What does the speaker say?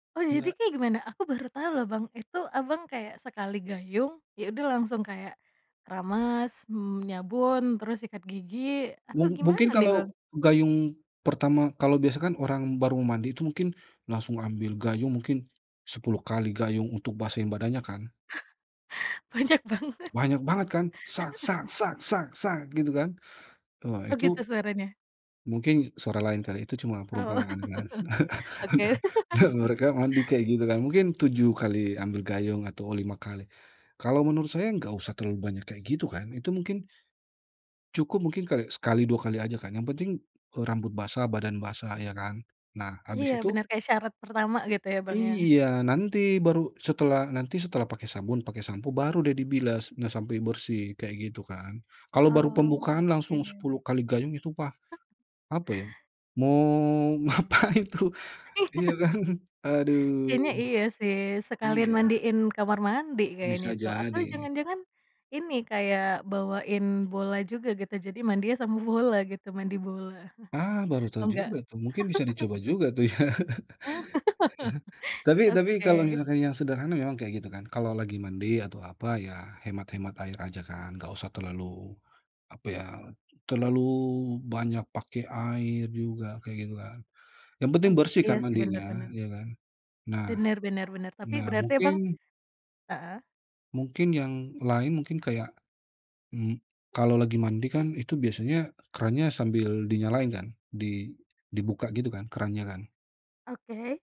Oh, jadi Iya. kayak gimana? Aku baru tau loh Bang, itu Abang, kayak sekali gayung, ya udah langsung kayak keramas, mmm, nyabun, terus sikat gigi atau Mung gimana mungkin nih, kalau Bang? gayung pertama kalau biasa kan orang baru mandi itu mungkin langsung ambil gayung, mungkin 10 kali gayung untuk basahin badannya kan? Banyak banget. Banyak banget kan, gitu kan. Eh Oh itu gitu, suaranya? mungkin suara lain kali, itu cuma Oh, perumpamaan kan. oke. Mereka mandi kayak gitu kan, mungkin 7 kali ambil gayung atau 5 kali. Kalau menurut saya nggak usah terlalu banyak kayak gitu kan, itu mungkin cukup, mungkin kali sekali dua kali aja kan, yang penting, eee, rambut basah, badan basah ya kan. Nah, Iya habis itu benar, kayak syarat pertama gitu ya, Bang ya? Iya, nanti baru setelah nanti setelah pakai sabun, pakai sampo, baru deh dibilas nggak sampai bersih kayak gitu kan. Kalau baru pembukaan langsung 10 Oke. kali gayung, itu pa apa ya, mau ngapain tuh, Iya. iya kan, aduh, Ini, iya sih, sekalian iya. mandiin kamar mandi kayaknya Bisa itu, atau jadi. jangan-jangan ini, kayak bawain bola juga gitu, jadi mandiin sama bola gitu, mandi bola, Ah, baru tahu oh enggak? juga tuh, mungkin bisa dicoba juga tuh ya. Iya, Ya. Tapi tapi oke. kalau misalkan yang sederhana memang kayak gitu kan, kalau lagi mandi atau apa, ya hemat-hemat air aja kan, nggak usah terlalu apa ya, terlalu banyak pakai air juga, kayak gitu kan, yang penting Oh, bersih iya kan sih, bener mandinya, bener. iya kan? Nah Bener bener bener, tapi nah berarti Abang mungkin heeh. Mungkin yang lain mungkin kayak, mmm, kalau lagi mandi kan, itu biasanya krannya sambil dinyalain kan, di dibuka gitu kan, krannya kan? Oke.